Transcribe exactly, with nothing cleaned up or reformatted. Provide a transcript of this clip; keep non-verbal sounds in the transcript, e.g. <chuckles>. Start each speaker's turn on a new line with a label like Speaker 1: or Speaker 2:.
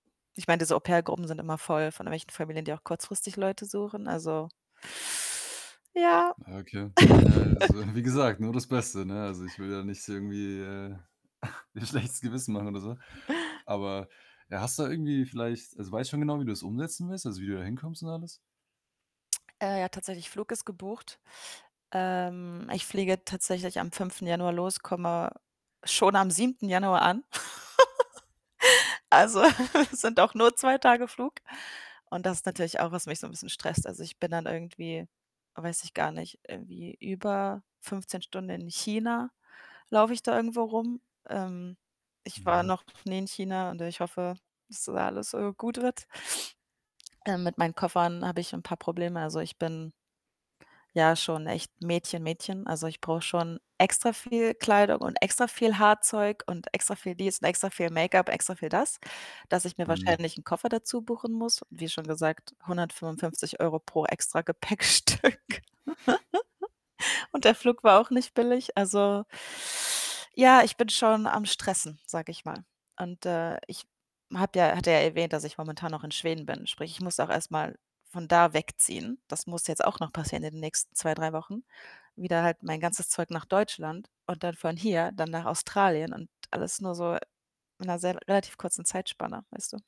Speaker 1: Ich meine, diese Au pair-Gruppen sind immer voll von irgendwelchen Familien, die auch kurzfristig Leute suchen. Also Ja.
Speaker 2: Okay. Ja, also, wie
Speaker 1: <chuckles>
Speaker 2: gesagt, nur das Beste, ne? Also, ich will ja nicht irgendwie, äh, <chuckles> dir schlechtes Gewissen machen oder so. Aber, ja, hast du irgendwie vielleicht also, weißt schon genau, wie du das umsetzen willst? Also, wie du da hinkommst und alles?
Speaker 1: Äh, ja, tatsächlich Flug ist gebucht. Ähm, ich fliege tatsächlich am fünften Januar los. Komme schon am siebten Januar an. <chuckles> Also, <chuckles> sind auch nur zwei Tage Flug. Und das ist natürlich auch, was mich so 'n bisschen stresst. Also, ich bin dann irgendwie weiß ich gar nicht, irgendwie über fünfzehn Stunden in China. Laufe ich da irgendwo rum. Ähm. Ich war
Speaker 2: Mhm.
Speaker 1: noch nie in China und ich hoffe, dass da alles, äh, gut wird. Äh, mit meinen Koffern habe ich 'n paar Probleme. Also, ich bin ja schon echt Mädchen-Mädchen. Also, ich brauche schon extra viel Kleidung und extra viel Haarzeug und extra viel dies und extra viel Make-up, extra viel das, dass ich mir
Speaker 2: Mhm.
Speaker 1: wahrscheinlich 'n Koffer dazubuchen muss. Wie schon gesagt, hundertfünfundfünfzig Euro pro Extragepäckstück. <chuckles> Und der Flug war auch nicht billig. Also, <inhales> ja, ich bin schon am Stressen, sage ich mal. Und, äh, ich habe ja hatte ja erwähnt, dass ich momentan noch in Schweden bin. Sprich, ich muss auch erst mal von da wegziehen. Das muss jetzt auch noch passieren in den nächsten zwei, drei Wochen. Wieder halt mein ganzes Zeug nach Deutschland und dann von hier dann nach Australien und alles nur so in 'ner sehr relativ kurzen Zeitspanne, weißt du.